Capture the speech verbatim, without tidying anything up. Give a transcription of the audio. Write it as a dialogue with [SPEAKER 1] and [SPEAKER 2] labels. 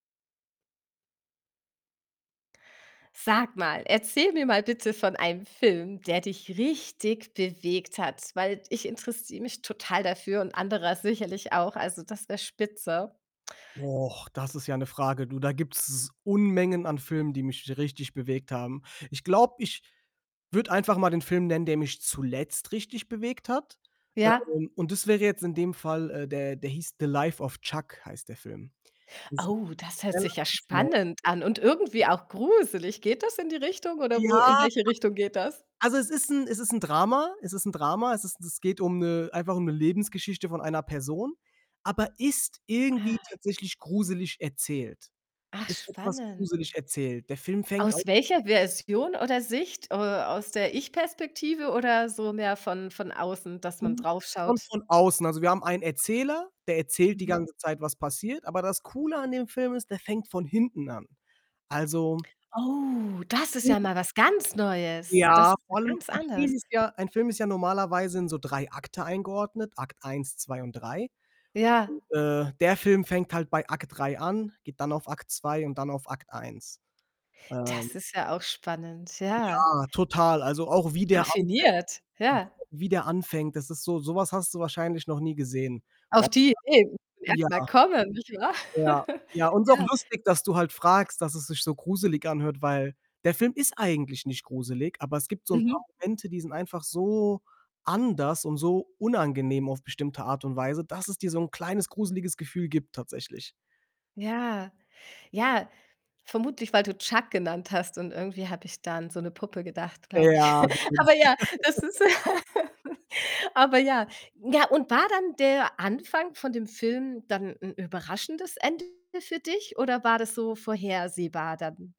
[SPEAKER 1] Sag mal, erzähl mir mal bitte von einem Film, der dich richtig bewegt hat. Weil ich interessiere mich total dafür und anderer sicherlich auch, also, das wär spitze.
[SPEAKER 2] Och, das ist ja 'ne Frage. Du, da gibt's Unmengen an Filmen, die mich richtig bewegt haben. Ich glaube, ich würde einfach mal den Film nennen, der mich zuletzt richtig bewegt hat. Ähm,
[SPEAKER 1] Ja.
[SPEAKER 2] un und das wäre jetzt in dem Fall äh, der der hieß „The Life of Chuck“ heißt der Film.
[SPEAKER 1] Au, das hört sich ja spannend an und irgendwie
[SPEAKER 2] [unintelligible]
[SPEAKER 1] auch gruselig. Geht das in die Richtung, oder
[SPEAKER 2] Ja,
[SPEAKER 1] wo in welche Richtung geht das?
[SPEAKER 2] also, es ist 'n es ist 'n Drama. Es ist 'n Drama. Es ist 'n es geht um 'ne einfach um 'ne Lebensgeschichte von einer Person, aber ist
[SPEAKER 1] Ah.
[SPEAKER 2] irgendwie tatsächlich gruselig erzählt,
[SPEAKER 1] Ach,
[SPEAKER 2] ist etwas gruselig
[SPEAKER 1] spannend.
[SPEAKER 2] erzählt. Der Film fängt
[SPEAKER 1] Aus
[SPEAKER 2] [unintelligible]
[SPEAKER 1] welcher Version oder Sicht, äh, aus der Ich-Perspektive, oder so mehr von von außen, dass man drauf
[SPEAKER 2] Kommt
[SPEAKER 1] schaut?
[SPEAKER 2] schon von außen. Also, wir haben einen Erzähler, der erzählt die
[SPEAKER 1] Mhm.
[SPEAKER 2] ganze Zeit, was passiert. Aber das Coole an dem Film ist, der fängt von hinten an. Also
[SPEAKER 1] Oh, das ist ja
[SPEAKER 2] [unintelligible]
[SPEAKER 1] mal was ganz Neues. Das
[SPEAKER 2] Ja,
[SPEAKER 1] ist ja
[SPEAKER 2] vor allem,
[SPEAKER 1] ganz
[SPEAKER 2] 'n
[SPEAKER 1] anders.
[SPEAKER 2] Film ist ja ein Film ist ja normalerweise in so Drei Akte eingeordnet, Akt Eins, Zwei und Drei.
[SPEAKER 1] Ja.
[SPEAKER 2] und, äh, der Film fängt halt bei Akt Drei an, geht dann auf Akt Zwei und dann auf Akt Eins.
[SPEAKER 1] Das
[SPEAKER 2] Ähm
[SPEAKER 1] ist ja auch spannend, ja.
[SPEAKER 2] Ja, total. Also, auch wie der anfängt,
[SPEAKER 1] Raffiniert, ja.
[SPEAKER 2] [unintelligible] wie der anfängt, das ist so so was hast du wahrscheinlich noch nie gesehen.
[SPEAKER 1] Auf
[SPEAKER 2] Vor
[SPEAKER 1] die Idee muss man
[SPEAKER 2] allem ja.
[SPEAKER 1] erst mal kommen, nicht wahr?
[SPEAKER 2] Ja, ja, und ist auch
[SPEAKER 1] Ja.
[SPEAKER 2] lustig, dass du halt fragst, dass es sich so gruselig anhört, weil der Film ist eigentlich nicht gruselig, aber es gibt so 'n paar
[SPEAKER 1] Mhm.
[SPEAKER 2] Momente, die sind einfach so anders und so unangenehm auf bestimmte Art und Weise, dass es dir so 'n kleines, gruseliges Gefühl gibt tatsächlich.
[SPEAKER 1] Ja, ja, vermutlich, weil du Chuck genannt hast, und irgendwie habe ich da an so 'ne Puppe gedacht, glaube
[SPEAKER 2] Äh,
[SPEAKER 1] ich.
[SPEAKER 2] ja, vermutlich.
[SPEAKER 1] Aber ja, das ist aber ja. Ja, und war dann der Anfang von dem Film dann 'n überraschendes Ende für dich oder war das so vorhersehbar dann?